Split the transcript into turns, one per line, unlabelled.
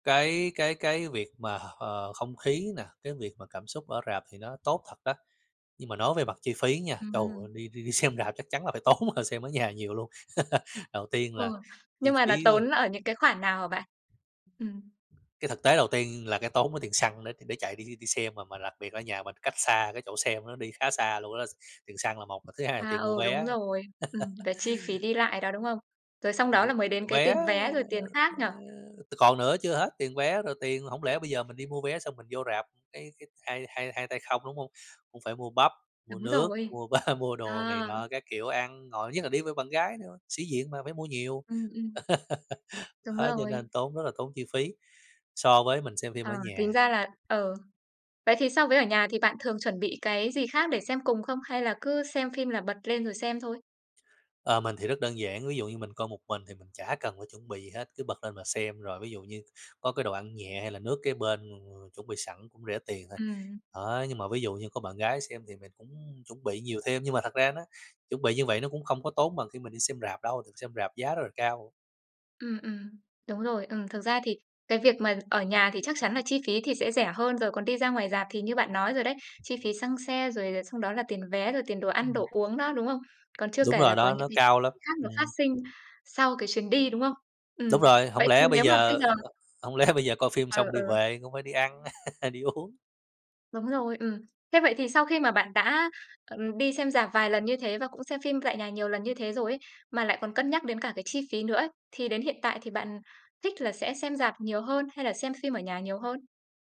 Cái cái cái việc mà, ờ, không khí nè, cái việc mà cảm xúc ở rạp thì nó tốt thật đó. Nhưng mà nói về mặt chi phí nha, trời ơi,
Ừm.
đi đi đi xem rạp chắc chắn là phải tốn hơn xem ở nhà nhiều luôn. Đầu tiên
Ừ.
là chi
Nhưng mà
phí,
nó
ờ
tốn ở những cái khoản nào hả bạn? Ừm.
cái thực tế đầu tiên là cái tốn ở tiền xăng nữa để để chạy đi đi đi xem, mà mà đặc biệt ở nhà mình cách xa cái chỗ xem nữa đi khá xa luôn đó. Tiền xăng là một, mà thứ hai là
À,
tiền mua
ừ, đúng
vé.
rồi. Ừm, về chi phí đi lại đó, đúng không? Rồi xong
Kiểu,
đó
ơ,
là mới
kiểu
đến cái
vé,
tiền
ờ,
vé, rồi tiền khác
ờ
nhỉ?
còn nữa chưa hết, tiền vé rồi tiền hổng lẽ bây giờ mình đi mua vé xong mình vô rạp, cái cái hai hai hai tay không, đúng không? Cũng phải mua bắp, mua
Đúng
nước,
rồi.
mua ba mua đồ này
À!
nọ các kiểu ăn ngồi, nhất là đi với bạn gái nữa, sĩ diện mà phải mua nhiều.
Ừm, ừm. Đúng
Đó, cho nên
rồi.
tốn rất là tốn chi phí, so với mình xem phim ở
À,
nhà.
tính ra là ừ. Vậy thì so với ở nhà thì bạn thường chuẩn bị cái gì khác để xem cùng không? Hay là cứ xem phim là bật lên rồi xem thôi?
Ờ, mình thì rất đơn giản, ví dụ như mình coi một mình thì mình chả cần phải chuẩn bị gì hết, cứ bật lên mà xem, rồi ví dụ như có cái đồ ăn nhẹ hay là nước kế bên mà mà chuẩn bị sẵn cũng rẻ tiền thôi.
Ừm.
Đó, nhưng mà ví dụ như có bạn gái xem thì mình cũng chuẩn bị nhiều thêm, nhưng mà thật ra nó chuẩn bị như vậy nó cũng không có tốn bằng khi mình đi xem rạp đâu, thường xem rạp giá rất là cao.
Ừm, ừm. Đúng rồi. Ừm, thực ra thì cái việc mà ở nhà thì chắc chắn là chi phí thì sẽ rẻ hơn rồi, còn đi ra ngoài rạp thì như bạn nói rồi đấy, chi phí xăng xe, rồi là xong đó là tiền vé, rồi tiền đồ ăn,
Ừm.
đồ uống đó, đúng không? Còn chưa
Đúng
kể
rồi,
là có
nó
những cái
nó
phí
cao lắm,
khác nó phát
ừm.
sinh sau cái chuyến đi, đúng không?
Đúng
Ừm.
rồi, hổng
Vậy thì
lẽ bây
nếu mà bây
giờ
giờ
hổng lẽ bây giờ coi phim
Ừ,
xong đi
ừ.
về? Cũng phải đi ăn, đi uống.
Đúng rồi, ừm. Thế vậy thì sau khi mà bạn đã, ờ, đi xem rạp vài lần như thế và cũng xem phim tại nhà nhiều lần như thế rồi ấy, mà lại còn cân nhắc đến cả cái chi phí nữa ấy, thì đến hiện tại thì bạn thích là sẽ xem rạp nhiều hơn hay là xem phim ở nhà nhiều hơn?